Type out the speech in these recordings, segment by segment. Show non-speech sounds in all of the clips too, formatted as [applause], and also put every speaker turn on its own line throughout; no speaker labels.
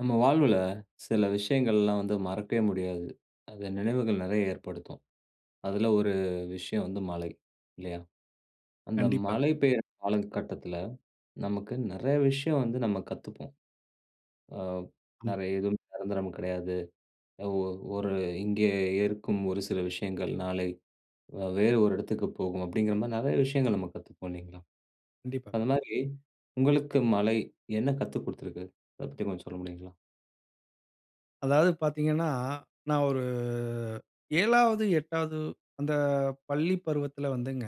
நம்ம வாழ்வுல சில விஷயங்கள் எல்லாம் வந்து மறக்கவே முடியாது. அது நினைவுகள் நிறைய ஏற்படுத்தும். அதுல ஒரு விஷயம் வந்து மழை. இல்லையா? அந்த
கண்டிப்பா.
மழை பெய்யர காலகட்டத்துல, நமக்கு நெறைய விஷயம் வந்து நம்ம கத்துப்போம். ஆ
ஆமா.
நெறைய எதுவும் நிரந்தரம் கிடையாது. அ ஓ ஒரு இங்கே இருக்கும் ஒரு சில விஷயங்கள் நாளை வ வேறு ஒரு இடத்துக்கு போகும் அப்டிங்குற மாரி நிறைய விஷயங்கள் நம்ம கத்துப்போம் இல்லிங்களா?
கண்டிப்பா.
அந்த மாரி உங்களுக்கு மழை என்ன கத்து குடுத்திருக்கு அத பத்தி கொஞ்சம் சொல்ல முடியுங்களா?
அதாவது பாத்தீங்கன்னா, நான் ஒரு 7, 8, அந்த பள்ளி பருவத்துல வந்துங்க,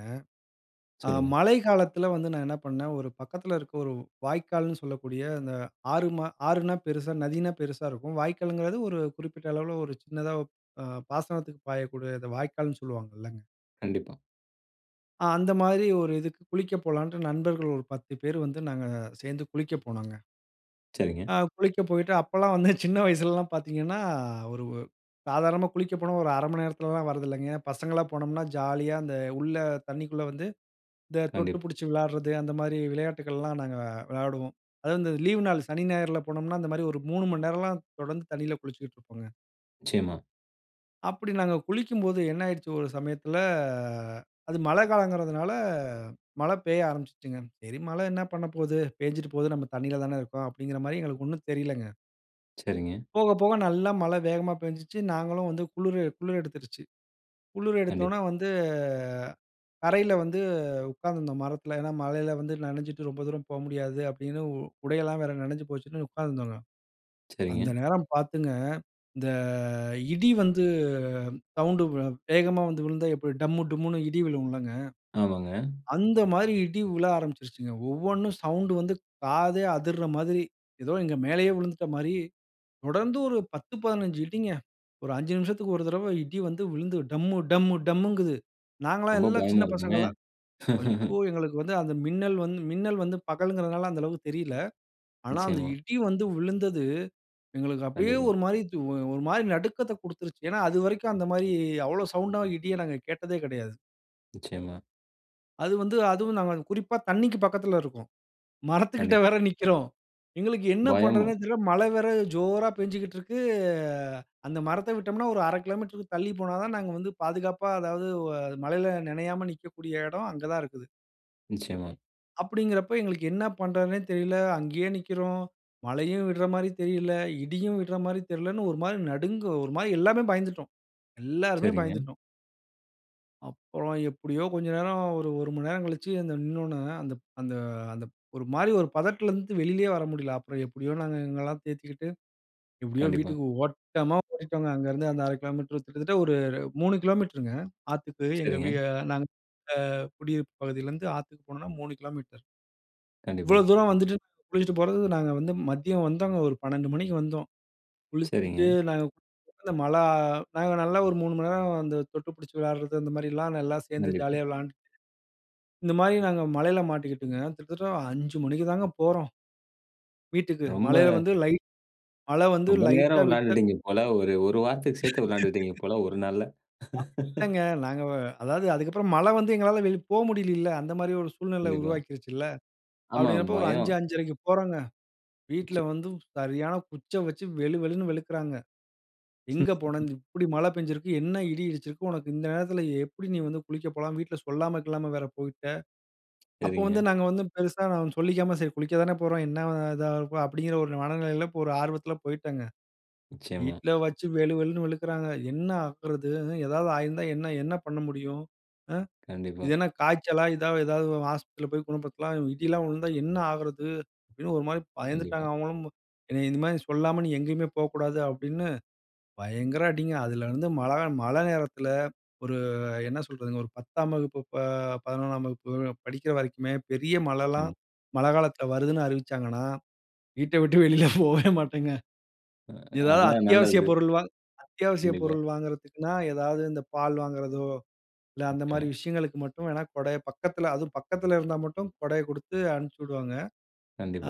ஆ
சொல்லுங்க.
மழை காலத்துல வந்து நான் என்ன பண்னேன், ஒரு பக்கத்துல இருக்க ஒரு வாய்க்கால்ன்னு சொல்லக்கூடிய, அந்த ஆறு மா ஆறுன்னா பெருசா நதின்னா பெருசா இருக்கும். வாய்க்கால்ங்குறது, ஒரு குறிப்பிட்ட அளவுல, ஒரு சின்னதா அ பாசனத்துக்கு பாயக்கூடிய இத வாய்க்கால்ன்னு சொல்லுவாங்க இல்லங்க?
கண்டிப்பா.
அ அந்த மாதிரி ஒரு இதுக்கு குளிக்க போலாண்ட்டு, நண்பர்கள் ஒரு 10 பேரு வந்து நாங்க சேந்து குளிக்க போனோங்க.
சரிங்க.
ஆ குளிக்க போயிட்டு அப்பலாம் வந்து சின்ன வயசுலலாம் பாத்தீங்கன்னா, ஒரு சாதாரணமா குளிக்க போனா ஒரு 1/2 மணி நேரத்துலலாம் வரதில்லைங்க. பசங்களலா போனோம்னா, ஜாலியா அந்த உள்ள தண்ணிக்குள்ள வந்து, இந்த தொட்டு
கண்டிப்
புடிச்சு விளாடுறது, அந்த மாரி விளையாட்டுக்கள்லாம் நாங்க விளையாடுவோம். அதுவும் இந்த லீவ் நாள் சனி, ஞாயிறுல போனோம்னா, அந்த மாரி ஒரு 3 மணி நேரம்லாம் தொடர்ந்து தண்ணியில குளிச்சிக்ட்டு இருப்போங்க.
நிச்சியமா.
அப்படி நாங்க குளிக்கும்போது என்ன ஆயிட்ச்சு ஒரு சமயத்தில அது மழ காலம்ங்குறதுனால, மழ பெய்ய ஆரம்பிச்சுச்சுங்க. சரி, மழ என்ன பண்ணப்போது, பெஞ்சுட்டு போது நம்ம தண்ணீல தானே இருக்கோம் அப்டிங்குற மாறி எங்களுக்கு ஒண்ணும் தெரிலங்க.
சரிங்க.
போக போக நல்லா மழ வேகமா பெஞ்சுச்சு. நாஙகளும் வந்து குளுரு குளுர் எடுத்துருச்சு. குளுர்
கண்டிப்
எடுத்தோன்ன வந்து கரைல வந்து உக்காந்துருந்தோம் மரத்துல. ஏன்னா, மழைல வந்து நனஞ்சிட்டு ரொம்ப தூரம் போ முடியாது அப்படின்னு, உ உடை எல்லாம் வேற நனஞ்சு போச்சுன்னு உக்காந்துருந்தோங்க. அந்த
சரிங்க.
நேரம் பாத்துங்க இந்த இடி வந்து சவுண்ட்டு வே வேகமா வந்து விழுந்தா எப்படி டம்மு டும்முன்னு இடி விழுவும் இல்லங்க?
ஆமாங்க.
அந்த மாரி இடி விழ ஆரம்பிச்சுருச்சுங்க. ஒவ்வொண்ணும் சவுண்ட்டு வந்து காதே அதிர்ற மாதிரி, ஏதோ எங்க மேலயே விழுந்துட்ட மாரி தொடர்ந்து ஒரு 10 15 இடிங்க. ஒரு 5 நிமிஷத்துக்கு ஒரு தரவ, இடி வந்து விழுந்து, டம்மு டம்மு டம்முங்குது. நாங்கல்லாம்
ரொம்ப
எல்லாம்
பயமா
சின்ன
இருக்குமே!
பசங்களா ஐயோ!
[laughs]
எங்களுக்கு வந்து அந்த மின்னல் வந்து மின்னல் வந்து பகல்ங்குறதனால, அந்த அளவுக்கு தெரியல. ஆனா அந்த
நிச்சியமா.
இடி வந்து விழுந்தது, எங்களுக்கு அப்டியே
கண்டிப்பா.
ஒரு மாரி ஒரு மாரி நடுக்கத்த குடுத்துருச்சு. ஏன்னா அதுவரைக்கும் அந்த மாரி அவ்வளோ சவுண்டா இடிய நாங்க கேட்டதே கிடையாது.
நிச்சயமா.
அது வந்து அதுவும் நாங்க குறிப்பா தண்ணீக்கு பக்கத்தில இருக்கோம். மரத்து கிட்டே
கண்டிப்பா.
வேற நிக்கிறோம். எங்களுக்கு என்ன பண்ணறதுன்னே
பயமும்.
தெரியல. மழை வேற ஜோரா பெஞ்சுகிட்டு இருக்கு. அந்த மரத்தை விட்டோம்ன்னா ஒரு 1/2 கிலோமீட்டர்க்கு தள்ளி போனா தான் நாங்க வந்து பாதுகாப்பா, அதாவது உ மழையில் நினையாம நிக்கக்கூடிய இடம் அங்க தான் இருக்குது.
நிச்சயமா.
அப்படீன்குறப்ப எங்களுக்கு என்ன பண்ணுறதுன்னே தெரியல. அங்கேயே நிக்கிறோம். மழையும் விடுற மாதிரி தெரியல, இடியும் விடுற மாதிரி தெரியலன்னு ஒரு மாரி நடுங்கு ஒரு மாரி எல்லாமே பயந்துட்டோம். எல்லாருமே
சரிங்க.
பயந்துட்டோம். அப்புறம் எப்படியோ கொஞ்சம் நேரம் ஒரு 1 மணி நேரம் கழிச்சு அந்த நின்னோனே, அந்த அந்த அந்த ஒரு மாரி ஒரு பதட்டத்திலேருந்து வெளிலயே வர முடியல. அப்புறம் எப்படியோ நாங்க எங்களையெல்லாம் தேத்திக்கிட்டு, எப்படியோ
கண்டிப்பா.
வீட்டுக்கு ஓட்டமா ஓடிட்டோங்க. அங்கேருந்து அந்த 1/2 கிலோமீட்டர் கிட்டத்தட்ட ஒரு 3 கிலோமீட்டருங்க. ஆத்துக்கு எங்க வீ
சரிங்க.
நாங்க அ நாங்க குடியிருப்பு பகுதியிலேந்து ஆத்துக்கு போனோம்னா 3 கிலோமீட்டர்.
கண்டிப்பா.
இவ்வளோ தூரம் வந்துட்டு, குளிச்சுட்டு போறதுக்கு நாங்க வந்து மதியம் வந்தோங்க. ஒரு 12:00 மணிக்கு வந்தோம். குளிச்சுட்டு
சரிங்க.
நாங்க அந்த மழை நாங்க நல்லா ஒரு 3 மணி நேரம் அந்த தொட்டு பிடுச்சு விளையாடுறது, அந்த மாரிலாம் நல்லா சேர்ந்து
கண்டிப்பா.
ஜாலியா விளையாண்டுட்டு, இந்த மாதிரி நாங்க மழையில் மாட்டிக்கிட்டுங்க, கிட்டத்தட்ட 5:00 மணிக்கு தாங்க போறோம் வீட்டுக்கு
ரொம்ப
மலையில வந்து லைட் மழை வந்து
ரொம்ப நேரம்
லைட்டா விட்ட
விளையாடிட்டீங்க போல, ஒரு 1 வாரத்துக்கு
[laughs] அப்படி
சேர்த்து விளையாடிட்டீங்க போல 1 நாள்ல. [laughs]
இல்லங்க. நாங்க வ அதாவது அதுக்கு அப்புறம் மழை வந்து எங்களால வெளி போ முடியலலில்ல. அந்த மாரி ஒரு சூழ்நிலை
கண்டிப்பா.
உருவாக்கிருச்சுல.
ஆமா,
அப்படீங்கறப்ப ஒரு அஞ்சு,
பயம்.
அஞ்சரைக்கு போறோம்ங்க.
நிச்ச
"வீட்டில வந்து சரியான குச்ச வச்சு வெளு, வெளுன்னு வெளுக்குறாங்க." எங்க போன?
[laughs]
இப்படி மழை பெய்ஞ்சுருக்கு, என்ன இடி இடிச்சுருக்கு? உனக்கு இந்த நேரத்தில எப்படி நீ வந்து குளிக்க போலாம்? வீட்டில சொல்லாம, கில்லாம வேற போய்ட்ட." அப்போ
சரிங்க.
வந்து நாங்க வந்து பெருசா சொல்லிக்காம, "சரி, குளிக்க தானே போறோம். என்ன இதா இருக்கும்?" அப்படீன்கிற ஒரு மனநிலையில ஒரு ஆர்வத்தில போய்ட்டேங்க.
நிச்சயமா.
வீட்ல வச்சு வெளு வெளுன்னு வெளுக்குறாங்க. "என்ன ஆகறது? ஏதாவது ஆயிருந்தா என்ன என்ன பண்ண முடியும்? அ.
கண்டிப்பா.
இது என்ன காய்ச்சலா? இதா ஏதாவது ஆஸ்பத்திரியில போய் குணப்படுத்தலாம் இடிலா விழுந்தா என்ன ஆகுறது?" அப்படின்னு ஒரு மாதிரி
கண்டிப்பா.
பயந்துட்டாங்க, அவுங்களும். "இந்த மாதிரி சொல்லாம, நீ எங்கேயுமே போகக்கூடாது" அப்படின்னு, பயங்கர அடிங்க. அதலருந்து வந்து மழைகா மழை நேரத்தில ஒரு என்ன சொல்றதுங்க? ஒரு 10ஆம் வகுப்பு, ப 11ஆம் வகுப்பு படிக்கிற வரைக்குமே, பெரிய மழைலாம்,
நிச்சயமா.
மழை காலத்தில வருதுன்னு அறிவிச்சாங்கன்னா, வீட்ட விட்டு வெளியில போவே மாட்டேங்க.
அ,
ஏதாவது
அதுதான் நல்லது.
அத்தியாவசியப் பொருள் வாங் அத்தியாவசியப்
கண்டிப்பா.
பொருள் வாங்குறதுக்குன்னா, ஏதாவது, இந்த பால் வாங்குறதோ, இல்ல, அந்த மாரி
நிச்சயமா.
விஷயங்களுக்கு மட்டும் வேணா, குடைய பக்கத்தில அதுவும் பக்கத்தில இருந்தா மட்டும் கொடைய கொடுத்து அனுப்பிச்சுவுடுவாங்க.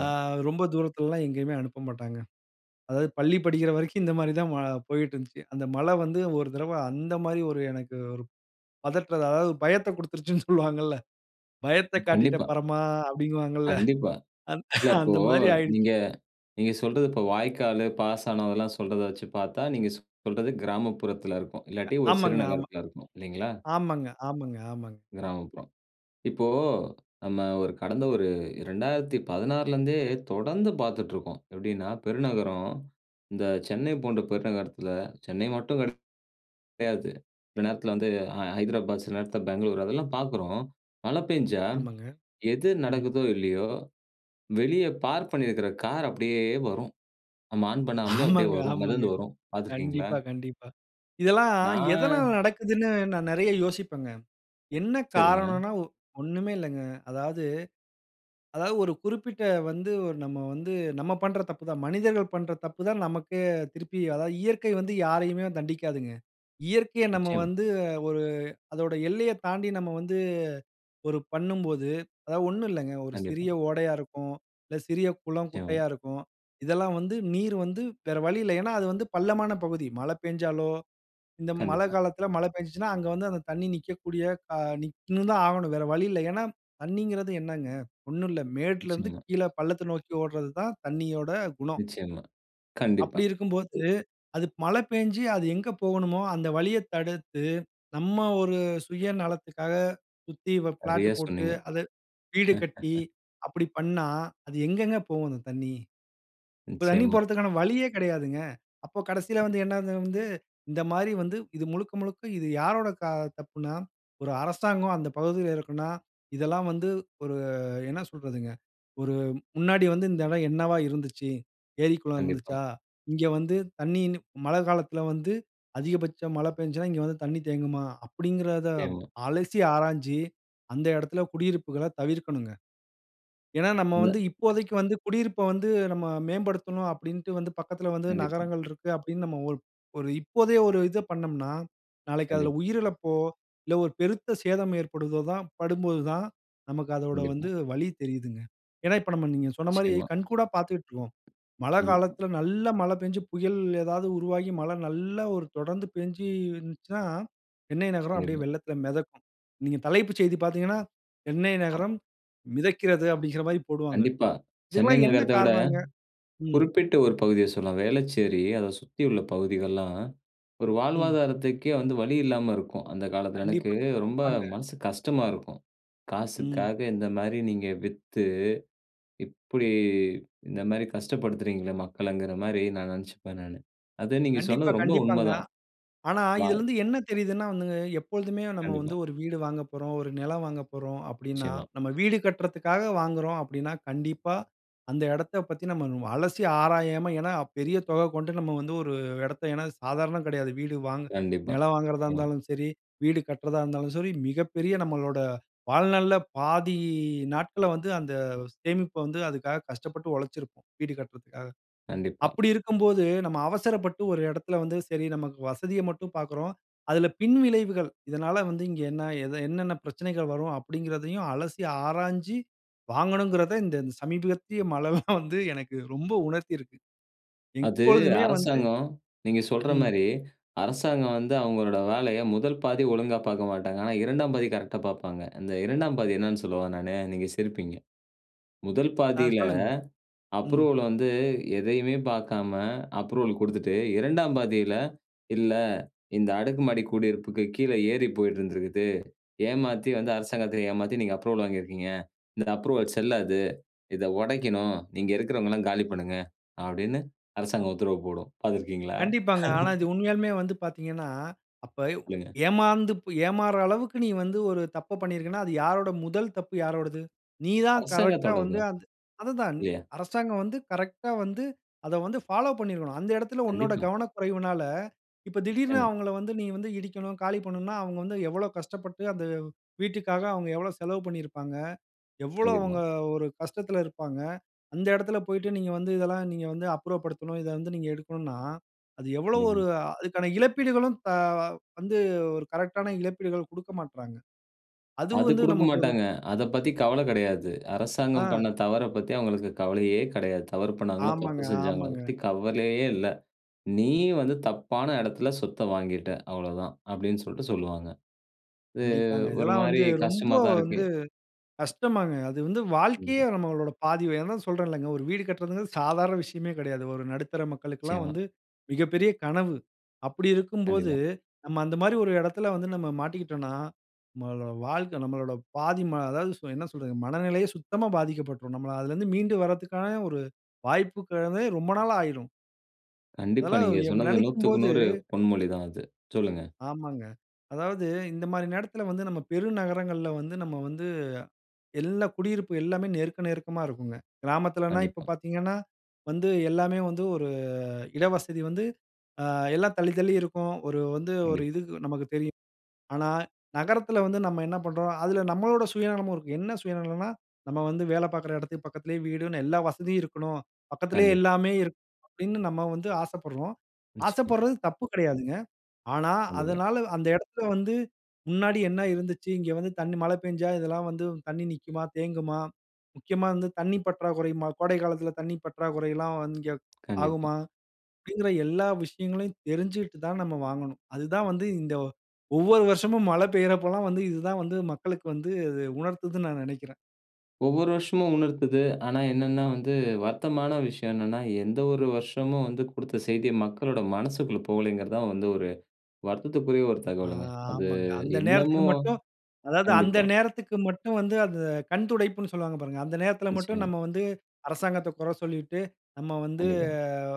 அ ரொம்ப தூரத்திலலேல்லா எங்கேயுமே அனுப்ப மாட்டாங்க. அதாவது பள்ளி படிக்கிற வரைக்கும் இந்த மாரி தான் வா போயிட்டு இருந்துச்சு. அந்த மழை வந்து ஒரு தடவ அந்த மாரி ஒரு எனக்கு ஒரு பதற்றத்த, அதாவது பயத்தக் கொடுத்துருச்சுன்னு சொல்லுவாங்கல்ல? "பயத்தக் காட்டிட்ட,
கண்டிப்பா.
பரமா!" அப்படிங்குவாங்கல்ல.
கண்டிப்பா. இல்ல, இப்போ
அந்த மாதிரி ஆகிடுச்சு.
நீங்க நீங்க சொல்றது இப்போ வாய்க்காலு, பாசானம் இதெல்லா சொல்றத வச்சு பார்த்தா, நீங்க ஸ் சொல்றது கிராமப்புறத்தில இருக்கும்.
அ
இல்லாட்டி ஒரு சிறு
ஆமாங்க ஆமா.
நகரத்துல இருக்கும் இல்லைங்களா?
ஆமாங்க, ஆமாங்க, ஆமாங்க.
கிராமப்புறம். இப்போ, நம்ம ஒரு கடந்த ஒரு 2016லேருந்தே தொடர்ந்து பார்த்துட்டு இருக்கோம். எப்படீன்னா பெருநகரம் இந்த சென்னை போன்ற பெருநகரத்துல சென்னை மட்டும் கிடை கிடையாது. சில நேரத்தில வந்து அ ஹைதராபாத். சில நேரத்தில பெங்களூர் அதெல்லா பார்க்குறோம். மழை பெய்ஞ்சா
ஆமாங்க.
எது
ம்.
நடக்குதோ இல்லையோ? வெளிய பார்க் பண்ணியிருக்கிற கார் அப்படியே வரும். நம்ம ஆன் பண்ணாமலே அப்படியே
ஆமாங்க,
வரும்.
ஆமாங்க.
மெதந்து வரும் பார்த்திருக்கீங்களா?
கண்டிப்பா, கண்டிப்பா. இதெல்லா எதனால
நான்
நடக்குதுன்னு நான் நிறைய யோசிப்பேன்ங்க. என்ன
சரிங்க.
காரணம்ன்னா ஒ ஒண்ணுமே இல்லங்க. அதாவது அதாவது ஒரு குறிப்பிட்ட வந்து நம்ம வந்து நம்ம பண்ற தப்பு தான். மனிதர்கள் பண்ற தப்பு தான். நமக்கு திருப்பி அதாவது, இயற்கை வந்து யாரையுமே தண்டிக்காதுங்க. இயற்கையை நம்ம
நிச்சயமா.
வந்து ஒரு அதோட எல்லைய தாண்டி, நம்ம வந்து ஒரு பண்ணும்போது, அதாவது ஒண்ணும் இல்லங்க. ஒரு
கண்டிப்பா.
சிறிய ஓடையா இருக்கும், இல்ல சிறிய குளம்,
நிச்சயமா.
குட்டையா இருக்கும். இதெல்லாம் வந்து நீர் வந்து வேற வழியில்ல. ஏன்னா அது வந்து பள்ளமான பகுதி மழை பேஞ்சாலோ, இந்த மழை
கண்டிப்பா.
காலத்தில, மழை பேஞ்சுச்சுன்னா, அங்க வந்து அந்த தண்ணி நிக்கக்கூடிய, அ நிக் ன்னு தான் ஆகணும். வேற வழி இல்ல. ஏன்னா தண்ணீங்கறது என்னங்க? ஒண்ணு இல்ல. மேட்டுலேருந்து
நிச்சியமா.
கீழே பள்ளத்த நோக்கி ஓடுறது தான் தண்ணியோட குணம்.
நிச்சயமா. கண்டிப்பா.
அப்படி இருக்கும்போது அது மழை பெய்ஞ்சு அது எங்கு போகணுமோ? அந்த வழிய தடுத்து, நம்ம ஒரு சுயநலத்துக்காக சுத்தி வ பிளாட்
சரியா
போட்டு
சொன்னீங்க.
அது வீடு கட்டி
[laughs]
அப்படி பண்ணா, அது எங்கங்க போவும் அந்த தண்ணி? இப்ப தண்ணி
நிச்சயமா.
போறதுக்கான வழியே கிடையாதுங்க. அப்போ கடைசியில வந்து என்ன இது வந்து இந்த மாரி வந்து இது முழுக்க, முழுக்க இது யாரோட க தப்புன்னா, ஒரு அரசாங்கம் அந்த பகுதியில இருக்குன்னா, இதெல்லாம் வந்து ஒரு அ என்ன சொல்றதுங்க? ஒரு முன்னாடி வந்து இந்த இடம் என்னவா இருந்துச்சு? ஏரி, குளம்
கண்டிப்பா.
இருந்துச்சா? இங்க வந்து தண்ணி, கிண்ணி மழை காலத்தில வந்து, அதிகபட்சம் மழை பெஞ்சுசுனா, இங்க வந்து தண்ணி தேங்குமா? அப்படீன்கிறத
நிச்சயமா.
அலசி, ஆராய்ஞ்சு, அந்த இடத்தில குடியிருப்புகள்ல தவிர்க்கனும்ங்க. ஏன்னா நம்ம
அங்க
வந்து இப்போதைக்கு வந்து குடியிருப்ப வந்து, நம்ம மேம்படுத்தணும், அப்படின்ட்டு வந்து பக்கத்தில வந்து
கண்டிப்பா.
நகரங்கள் இருக்கு, அப்படின்னு. நம்ம ஒ ஒரு இப்போதே ஒரு இத பண்ணம்ன்னா, நாளைக்கு அதுல
கண்டிப்பா.
உயிரிழப்போ, இல்ல, ஒரு பெருத்த சேதம் ஏற்படும்போது தான் படும்போது தான், நமக்கு அதோட
கண்டிப்பா.
வந்து வலி தெரியுதுங்க. ஏன்னா, இப்ப, நம்ம, நீங்க சொன்ன மாரி
நிச்சயமா.
கண்கூடா பார்த்துக்கிட்டுருக்கோம். மழை
கண்டிப்பா.
காலத்தில நல்ல மழை பெஞ்சு, புயல் ஏதாவது உருவாகி மழை நல்லா ஒரு தொடர்ந்து பெய்ஞ்சு இருந்துச்சுன்னா, சென்னை நகரம் அப்படியே
கண்டிப்பா.
வெள்ளத்தில மெதக்கும். நீங்க தலைப்பு செய்தி பார்த்தீங்கன்னா, "சென்னை
அ.
நகரம் மிதக்கிறது" அப்படின்கிற மாரி போடுவாங்க.
கண்டிப்பா. சென்னை
இதல்லாம் என்ன
நகரத்த விட,
காரணம்னங்க? ம்.
குறிப்பிட்ட ஒரு பகுதிய சொல்லலாம். வேளச்சேரி, அத சுத்தி உள்ள பகுதிகள்லாம் ஒரு
ம்.
வாழ்வாதாரத்துக்கே வந்து வழி இல்லாம இருக்கும். அந்த காலத்தில எனக்கு
கண்டிப்பா,
ரொம்ப
கண்டிப்பாங்க.
மனசு கஷ்டமா இருக்கும்.
ம்.
காசுக்காக இந்த மாரி நீங்க வித்து, இப்படி இந்த மாரி கஷ்டப்படுத்துறீங்களே? மக்களங்கிற மாரி நான் நினைச்சுப்பேன் நானு. அது நீங்க
கண்டிப்பா,
சொன்னது ரொம்ப
கண்டிப்பாங்க.
உண்மைதான்.
ஆனா,
[unintelligible]
இதிலேருந்து என்ன தெரியுதுன்னா? வந்துங்க, எப்போழுதுமே நம்ம வந்து
கண்டிப்பா.
ஒரு வீடு வாங்க போறோம், ஒரு நிலம் வாங்க போறோம், அப்படீன்னா
நிச்சயமா.
நம்ம வீடு கட்டுறதுக்காக வாங்குறோம், அப்படீன்னா கண்டிப்பா அந்த இடத்த பத்தி, நம்ம அலசி ஆராயாம, ஏன்னா பெரிய தொகை கொண்டு, நம்ம வந்து ஒரு இடத்த ஏன்னா சாதாரணம் கிடையாது. வீடு வாங்க
கண்டிப்பா.
நிலம் வாங்குறதா
ம்.
இருந்தாலும் சரி, வீடு கட்டுறதா இருந்தாலும் சரி, மிகப்பெரிய நம்மளோட வாழ்நாள்ல பாதி நாட்கள்ல வந்து, அந்த சேமிப்ப வந்து அதுக்காக கஷ்டப்பட்டு உழைச்சுருப்போம். வீடு கட்டுறதுக்காக.
கண்டிப்பா.
அப்படி இருக்கும்போது நம்ம அவசரப்பட்டு, ஒரு இடத்துல வந்து சரி நமக்கு வசதிய மட்டும் பார்க்குறோம். அதுல பின்விளைவுகள் இதனால வந்து இங்கு என்ன எத என்னன்ன பிரச்சனைகள் வரும்? அப்படீன்ங்கிறதையும் அலசி, ஆராய்ஞ்சு வாங்கணும்கிறத இந்த சமீபத்திய மழைல்லா [chuckles] வந்து எனக்கு ரொம்ப உணர்த்தி இருக்கு.
அது
இப்பொழுதுமே வந்து,
அரசாங்கம் நீங்க சொல்ற
ம்.
மாரி அரசாங்கம் வந்து அவங்களோட வேலைய 1 பாதி ஒழுங்கா பார்க்க மாட்டாங்க. ஆனா 2ஆம் பாதி கரெக்ட்டா பார்ப்பாங்க. அந்த 2ஆம் பாதி என்னானு சொல்லவா நானு? நீங்க சிரிப்பீங்க. 1
ஆ
பாதியில
சொல்லுங்க. ம்.
அப்ரூவல் வந்து எதையுமே பார்க்காம அப்ரூவல் கொடுத்துட்டு, 2ஆம் பாதியில "இல்ல இந்த அடுக்கு மாடி குடியிருப்புக்கு கீழே ஏரி போயிட்டு இருந்திருக்குது. ஏமாத்தி வந்து அரசாங்கத்த ஏமாத்தி, நீங்க அப்ரூவல் வாங்கியிருக்கீங்க. இந்த அப்ரூவல் செல்லாது. இத உடைக்கணும். நீங்க இருக்கிறவங்கல்லாம் காலி பண்ணுங்க" அப்படின்னு அரசாங்கம் உத்தரவு போடும். பார்த்திருக்கீங்களா?
கண்டிப்பாங்க. ஆனா இது
[laughs]
உண்மையாலுமே வந்து பார்த்தீங்கன்னா, அப்ப ப்
சொல்லுங்க.
ஏமாந்து ப் ஏமாறுற அளவுக்கு நீ வந்து ஒரு தப்ப பண்ணியிருக்கன்னா, அது யாருட முதல் தப்பு யாரோடது? நீ தான் கரெக்ட்டா
அரசாங்கத்தோடது
வந்து,
தான்.
அந்த அதுதான்.
இல்லையா?
அரசாங்கம் வந்து கரெக்ட்டா வந்து, அத வந்து ஃபாலோ பண்ணியிருக்கணும். அந்த இடத்தில உன்னோட
கண்டிப்பா.
கவனக்குறைவுனால, இப்ப திடீர்ன்னு
நிச்சயமா.
அவுங்கள வந்து நீ இடிக்கணும். காலி பண்ணனும்ன்னா அவுங்க வந்து எவ்வளோ கஷ்டப்பட்டு அந்த வீட்டுக்காக அவுங்க எவ்வளோ செலவு பண்ணியிருப்பாங்க? எவ்வளோ
கண்டிப்பா.
அவுங்க ஒரு கஷ்டத்துல இருப்பாங்க? அந்த இடத்தில போய்ட்டு "நீங்க வந்து இதெல்லா நீங்க வந்து அப்புறப்படுத்தணும். இத வந்து நீங்க எடுக்கணும்ன்னா" அது எவ்வளோ ஒரு
கண்டிப்பா.
அதுக்கான இழப்பீடுகளும் க வந்து ஒரு கரெக்ட்டான இழப்பீடுகள் கொடுக்கமாட்றாங்க. அதுவும்
அது
வந்து
கொடுக்க
நமக்கு ஒரு
மாட்டாங்க. அதை பத்தி கவலை கிடையாது. அரசாங்கம்
ஆ.
பண்ண தவறப் பத்தி அவுங்களுக்கு கவலையே கிடையாது. தவறு பண்ணாங்களா?
ஆமாங்க,
தப்பு செஞ்சாங்களா? அதை
ஆமாங்க.
பத்தி கவலையே இல்ல. "நீ வந்து தப்பான இடத்தில சொத்த வாங்கிட்ட, அவ்வளவு தான்." அப்படீன்ட்டு சொல்லிட்டு, சொல்வாங்க. இது
கண்டிப்பாங்க.
ஒரு
இதெல்லாம்
மாரி
வந்து ரொம்ப
கஷ்டமா தான் இருக்கு.
வந்து கஷ்டம்தாங்க. அது வந்து வாழ்க்கையே
கண்டிப்பா.
நம்மளோட பாதி அதான் சொல்றேன்ல்லங்க. ஒரு வீடு கட்டுறதுங்குறது சாதாரண விஷயமே கிடையாது. ஒரு நடுத்தர மக்களுக்கெல்லா
நிச்சயமா.
வந்து மிகப்பெரிய கனவு. அப்படி இருக்கும்போது,
கண்டிப்பா.
நம்ம அந்த மாரி ஒரு இடத்துல வந்து, நம்ம மாட்டிக்கிட்டோன்னா, நம்மளோட வாழ்க்க நம்மளோட பாதி ம அதாவது சொ என்ன சொல்றது? மனநிலையே சுத்தமா பாதிக்கப்பட்டுரும். நம்ம அதிலேருந்து மீண்டு வரதுக்கான ஒரு வாய்ப்புங்கிறதே ரொம்ப நாளாயிரும்.
கண்டிப்பா
அதெல்லாம்
நீங்க
[unintelligible]
சொன்னது
நினைக்கும்
நூத்துக்கு
போது
நூறு பொன்மொழி தான் அது. சொல்லுங்க.
ஆமாங்க. அதாவது இந்தமாரி நேரத்தில வந்து நம்ம பெரு நகரங்கள்ல வந்து நம்ம வந்து, எல்லா குடியிருப்பு எல்லாமே நெருக்க நெருக்கமா இருக்குங்க. கிராமத்திலன்னா, இப்ப
கண்டிப்பா.
பாத்தீங்கன்னா வந்து எல்லாமே வந்து ஒரு இட வசதி வந்து ஆ எல்லாம் தள்ளி, தள்ளி இருக்கும். ஒரு வந்து ஒரு
கண்டிப்பா.
இது நமக்கு தெரியும். ஆனா, நகரத்தில வந்து நம்ம என்ன பண்றோம். அதுல நம்மளோட சுயநலமும் இருக்கு. என்ன சுயநலன்னா, நம்ம வந்து வேலை பார்க்கிற இடத்துக்கு பக்கத்திலே 'வீடுன்னு எல்லா வசதியும் இருக்ணும். பக்கத்திலே
கண்டிப்பா.
எல்லாமே இருக்கணும்.' அப்பிடின்னு நம்ம வந்து ஆசைப்படுறோம்.
நிச்சயமா.
ஆசைப்படுறது தப்பு கிடையாதுங்க. ஆனா,
கண்டிப்பா.
அதனால அந்த இடத்துல வந்து முன்னாடி என்ன இருந்துச்சு. இங்க வந்து தண்ணீ மழ பெஞ்சா இதெல்லாம் வந்து தண்ணீ நிக்குமா? தேங்குமா? முக்கியமா வந்து தண்ணீ பற்றாக்குறையுமா? கோடைகாலத்தில தண்ணீர் பற்றாக்குறையிலாம் இங்கே
கண்டிப்பா.
ஆகுமா? அப்பிடிங்கிற எல்லா விஷயங்களையும் தெரிஞ்சிட்டு தான் நம்ம வாங்கணும். அதுதான் வந்து இந்த ஒவ்வொரு வருஷமும் மழ பெய்றப்பல்லாம் வந்து இது தான் வந்து மக்களுக்கு வந்து அது உணர்த்துதுண்னு நான் நினைக்கிறேன்.
ஒவ்வொரு வருஷமும் உணர்த்துது. ஆனா, என்னன்னா, வந்து வருத்தமான விஷயம் என்னன்னா, எந்த ஒரு வருஷமும் வந்து குடுத்த செய்திய மக்களோட மனசுக்குள்ள போலேங்கிறதுதான் வந்து ஒரு வருத்தத்திற்குரிய ஒரு
ஆ
தகவலுங்க. அது
ஆமங்க. அந்த நேரத்திக்கு
இன்னமும்
மட்டும் அதாவது அந்த
கண்டிப்பா.
நேரத்திற்கு மட்டும் வந்து அந்த கண் துடைப்புன்ணு சொல்லுவாங்க பாருங்க. அந்த நேரத்தில மட்டும்
நிச்சயமா.
நம்ம வந்து அரசாங்கத்த குற சொல்லிட்டு, நம்ம வந்து
கண்டிப்பா.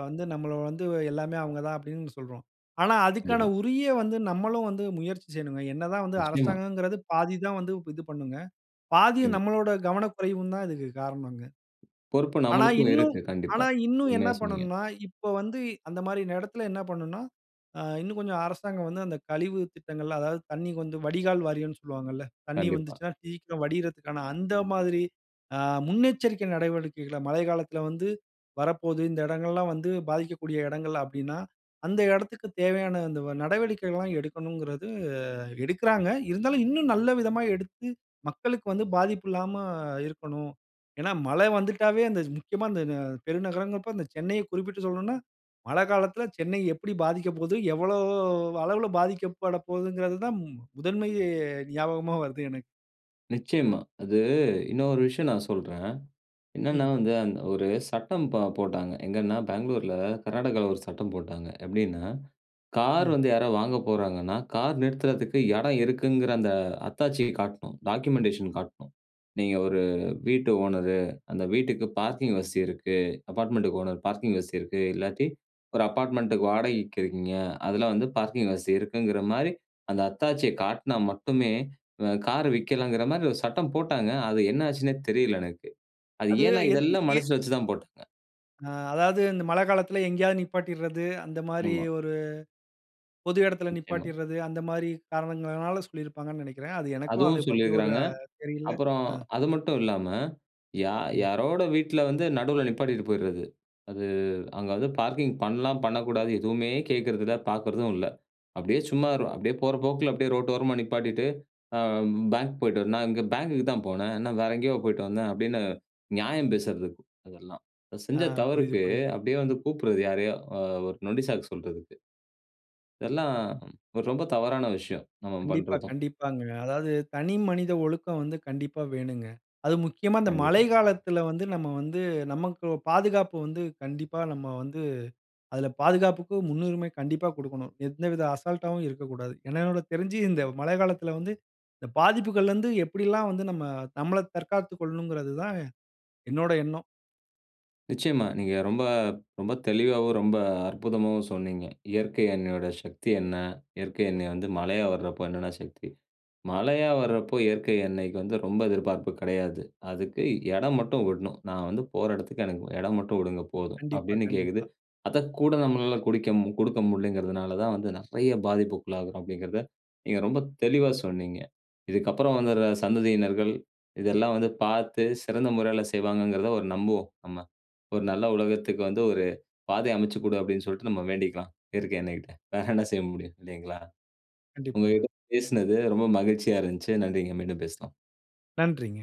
வந்து நம்மள வந்து எல்லாமே அவுங்க தான் அப்பிடின்னு சொல்றோம். ஆனா, அதுக்கான
கண்டிப்பா.
உரிய வந்து நம்மளும் வந்து முயற்சி செய்யணுங்க. என்ன தான் வந்து
நிச்சயமா.
அரசாங்கங்கிறது பாதி தான் வந்து இது பண்ணுங்க. பாதி
ஏமா
நம்மளாட கவன குறைவு தான் இதற்கு காரணங்க.
பொறுப்பு
ஆனா
நம்மளுக்கும்
இன்னும்
இருக்கு. கண்டிப்பா.
ஆனா இன்னும் என்ன
உண்மையா சொன்னீங்க.
பண்ணணுனா, இப்ப வந்து அந்தமாரி இடத்தில என்ன பண்ணணுனா, அ இன்னும் கொஞ்சம் அரசாங்கம் வந்து அந்த கழிவு திட்டங்கள் அதாவது தண்ணிக்கு வந்து வடிகால் வாரியன்னு சொல்வாங்கல்ல. தண்ணீ
கண்டிப்பா.
வந்துச்சுனா, சீக்கிரம் வடியிறதுக்கான அந்த மாதிரி ஆ முன்னெச்சரிக்கை நடவடிக்கைகள, மழைக்காலத்தில வந்து வரப்போது இந்த இடங்கள்லாம் வந்து பாதிக்கக்கூடிய இடங்கள் அப்பிடின்னா, அந்த இடத்திற்கு, தேவையான அந்த நடவடிக்கைகள்லாம் எடுக்கணுங்கிறது அ எடுக்கிறாங்க. இருந்தாலும் இன்னும் நல்ல விதமா எடுத்து மக்களுக்கு வந்து பாதிப்பு இல்லாம இருக்கணும். ஏன்னா, மழ வந்துட்டாவே அந்த முக்கியமா இந்த, இந்த பெருநகரங்கப்ப அந்த சென்னையை குறிப்பிட்டு சொல்லணுனா, மழ காலத்தில சென்னை எப்பிடி பாதிக்கப் போது, எவ்வளவு அளவுல பாதிக்கப்படப்போதுங்கிறதுதான் முதன்மை ஞாபகமா வருது எனக்கு.
நிச்சயமா. அது இன்னொரு விஷயம் நான் சொல்றேன். என்னன்னா,
ம்.
வந்து அந்த ஒரு சட்டம் ப போட்டாங்க. எங்கன்னா, பெங்களூர்ல கர்நாடகால ஒரு சட்டம் போட்டாங்க. எப்பிடின்னா கார்
ம்.
வந்து யாரா வாங்க போகிறாங்கன்னா, கார் நிறுத்துறதுக்கு இடம் இருக்குங்கிற அந்த அத்தாட்சிய காட்ணும். டாக்குமெண்டேஷன் காட்ணும். நீங்க ஒரு வீட்டு ஓனரு. அந்த வீட்டுக்கு பார்க்கிங் வசதி இருக்கு. அபார்ட்மெண்டுக்கு ஓனர் பார்க்கிங் வசதி இருக்கு. இல்லாட்டி ஒரு அபார்ட்மெண்டுக்கு வாடகைக்கு இருக்கீங்க. அதில வந்து பார்க்கிங் வசதி இருக்குங்கிறமாரி அந்த அத்தாட்சிய காட்னா மட்டுமே அ கார் வெக்கலாங்கிறமாரி ஒரு சட்டம் போட்டாங்க. அது என்ன ஆச்சுன்னே தெரியல எனக்கு. அது
அது,
ஏன்னா,
எந்
இதெல்லாம்
எ
மனசுல வச்சு தான் போட்டாங்க.
ஆ அதாவது இந்த மழ காலத்தில எங்கேயாவது நிப்பாட்டிறது. அந்தமாரி
ஆமா.
ஒரு பொது இடத்தில
நிச்சயமா.
நிப்பாட்டிறது. அந்தமாரி காரணங்களினால சொல்லியிருப்பாங்கன்னு நினைக்கிறேன். அது எனக்கும்
அதுவும்
அதைப் பத்தி ஒரு
சொல்லியிருக்கிறாங்க.
தெரியல.
அப்புறம்
அ.
அது மட்டும் இல்லாம யார்
ம்.
யாரோட வீட்ல வந்து நடுவுல நிப்பாட்டிட்டு போயிறது. அது அங்க அது பார்க்கிங் பண்ணலாம், பண்ணக்கூடாது எதுவுமே கேட்கிறது இல்ல. பார்க்கறதும் இல்ல. அப்பிடியே சும்மா ர் அப்பிடியே போற போக்குல அப்பிடியே ரோட்டு ஓரமா நிப்பாட்டிட்டு, ஆ பேங்க் போயிட்டு வரேண்ணா "நான் இங்க பேங்க்குக்கு தான் போனேன். என்ன வேற எங்கேயோ போயிட்டு வந்தேன்?" அப்படின்னு நியாயம் பேசுறதுக்கு அதெல்லாம்.
ஆ.
செஞ்ச
புரியுது,
தவறுக்கு
புரியுது.
அப்படியே வந்து கூப்பிட்றது யாரையோ! அ ஒரு நொண்டி சாக்கு சொல்றதுக்கு. இதெல்லாம் ரொம்ப தவறான விஷயம். நம்ம
கண்டிப்பா,
பண்றதும்.
கண்டிப்பாங்க. அதாவது தனிமனித ஒழுக்கம் வந்து கண்டிப்பா வேணுங்க. அது முக்கியமா இந்த மழை
கண்டிப்பா.
காலத்தில வந்து நம்ம வந்து நமக்கு பாதுகாப்பு வந்து கண்டிப்பா நம்ம வந்து அதில பாதுகாப்புக்கு முன்னுரிமை கண்டிப்பா கொடுக்கணும். எந்தவித அசால்ட்டாவும் இருக்கக்கூடாது. என்ன என்னுடைய தெரிஞ்சி இந்த மழை காலத்தில வந்து இந்த பாதிப்புகள்லருந்து எப்பிடிலாம் வந்து நம்ம நம்மள தற்காத்துக் கொள்ளணுங்கிறது தான் என்னோட எண்ணம்.
நிச்சயமா. நீங்க ரொம்ப ரொம்ப தெளிவாவும், ரொம்ப அற்புதமாவும் சொன்னீங்க. இயற்கை அன்னையோட சக்தி என்ன? இயற்கை அன்னை வந்து மழையா வர்றப்ப என்னென்ன சக்தி. மழையா வர்றப்போ, இயற்கை அன்னைக்கு வந்து ரொம்ப எதிர்பார்ப்பு கிடையாது. அதுக்கு இடம் மட்டும் விட்ணும். "நான் வந்து போற இடத்துக்கு எனக்கு இடம் மட்டும் விடுங்க போதும்."
கண்டிப்பா,
அப்பிடின்னு கேக்குது.
கண்டிப்பா.
அத கூட நம்மனால கொடுக்கேம் கொடுக்க முடியலேங்கிறதுனால தான் வந்து நிறைய பாதிப்புக்கு உள்ளாகுறோம் அப்பிடிங்கிறத நீங்க ரொம்ப தெளிவா சொன்னீங்க. இதுக்கு அப்பறம் வந்துற சந்ததியினர்கள் இதெல்லாம் வந்து பார்த்து சிறந்த முறையில செய்வாங்கங்கிறத ஒரு நம்புவோம் நம்ம. ஒரு நல்ல உலகத்துக்கு வந்து ஒரு பாதைய அமச்சிக் கொடு அப்பிடின்னு சொல்லிட்டு நம்ம வேண்டிக்கலாம். இயற்கை அன்னைக்கிட்ட. வேற என்ன செய்ய முடியும் இல்லேங்களா?
கண்டிப்பாங்க.
உங்கக்கிட்ட பேசினது ரொம்ப மகிழ்ச்சியா இருந்துச்சு. நன்றிங்க. மீண்டும் பேசலாம்.
நன்றிங்க.